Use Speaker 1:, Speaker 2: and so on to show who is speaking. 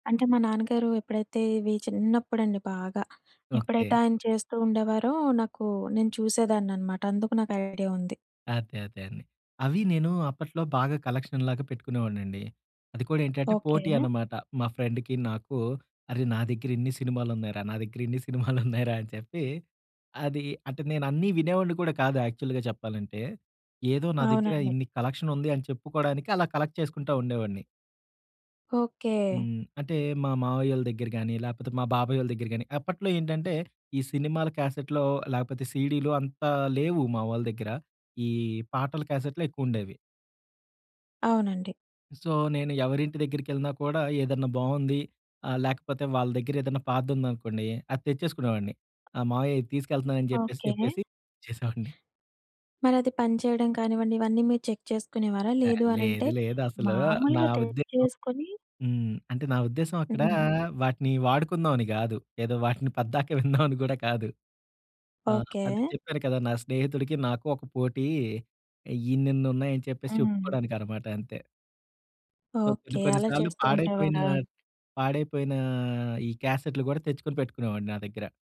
Speaker 1: అంటే, మా నాన్నగారూ ఎప్పుడైతే, ఇవి చిన్నప్పుడండి బాగా,
Speaker 2: ఓకే.
Speaker 1: ఎప్పుడైతే ఆయన చేస్తూ ఉండేవారో, నాకూ నేను చూసేదాన్ననమాట. అందుకు నాకు ఐడియా ఉంది.
Speaker 2: అదే, అదే అండి. అవీ నేను అప్పట్లో బాగా కలక్షన్‌ లాగా పెట్టుకునేవాడినండి. అది కూడా ఏంటంటే,
Speaker 1: ఓకే.
Speaker 2: పోటీ అనమాట. మా ఫ్రెండికీ నాకూ, అరె! నా దెగ్గరిన్ని సినిమాలున్నాయిరా, నా దెగ్గరిన్ని సినిమాలున్నాయిరా, అని చెప్పి, అదీ అంటే, నేనన్నీ వినేవాడిని కూడా కాదు, యాక్చువల్‌గా చెప్పాలంటే. ఏదో నా దెగ్గర
Speaker 1: అవునండి.
Speaker 2: ఇన్ని కలెక్షనుంది అని చెప్పుకోడానికి, అలా కలెక్ట్ చేసుకుంటా ఉండేవాడిని.
Speaker 1: ఓకే.
Speaker 2: హ్మ్. అంటే, మా మామయ్యోళ్ళ దెగ్గర గాని, లేపోతే మా బాబాయోళ్ళ దెగ్గర గాని, అప్పట్లో ఏంటంటే, ఈ సినిమాల క్యాసెట్‌లో లేకపోతే, సీడీలు అంత లేవు, మావోళ్ళ దెగ్గర. ఈ పాటల క్యాసెట్లే ఎక్కువుండేవి.
Speaker 1: అవునండి.
Speaker 2: సో, నేను ఎవరింటి దెగ్గిరికెళ్ళినా కూడా, ఏదన్నా బావుంది ఆహ్, లేకపోతే వాళ్ళ దెగ్గరేదన్నా పాతదుందనుకోండీ, అది తెచ్చేసుకునేవాడిని. ఆ! మావయ్యా ఇది తీసుకెళ్తున్నానని జెప్పేసి
Speaker 1: ఓకే.
Speaker 2: చెప్పేసి వచేసేవాడిని.
Speaker 1: మరది పనిచేయడం కానివ్వండి, ఇవన్నీ మీరు చెక్ చేసుకునేవారా?
Speaker 2: ఆ!
Speaker 1: లేదు అనంటే,
Speaker 2: లేదు, లేదసలూ నా
Speaker 1: మామూలుగా
Speaker 2: ఉద్దేశం
Speaker 1: తెచ్చేసుకొని
Speaker 2: హ్మ్. అంటే, నా ఉద్దేశం, అక్కడా
Speaker 1: హ్మ్.
Speaker 2: వాటిని వాడుకుందాం అని గాదు. ఏదో వాటిని పద్దాక విందామని గూడా కాదు. ఆ! అదే
Speaker 1: ఓకే.
Speaker 2: చెప్పాను కదా! నా స్నేహితుడికి, నాకు ఒక పోటీ. ఇన్నిన్నున్నాయని చెప్పేసి
Speaker 1: హ్మ్.
Speaker 2: చెప్పుకోడానికనమాట అంతే. సో, కొన్ని
Speaker 1: ఓకే.
Speaker 2: కొన్ని
Speaker 1: అలా
Speaker 2: సార్లు
Speaker 1: చేస్తూ
Speaker 2: పాడైపోయినా,
Speaker 1: ఉండేవారా?
Speaker 2: పాడైపోయినా ఈ క్యాసెట్లు గూడా, తెచ్చుకొని పెట్టుకునేవాడిని నా దెగ్గర.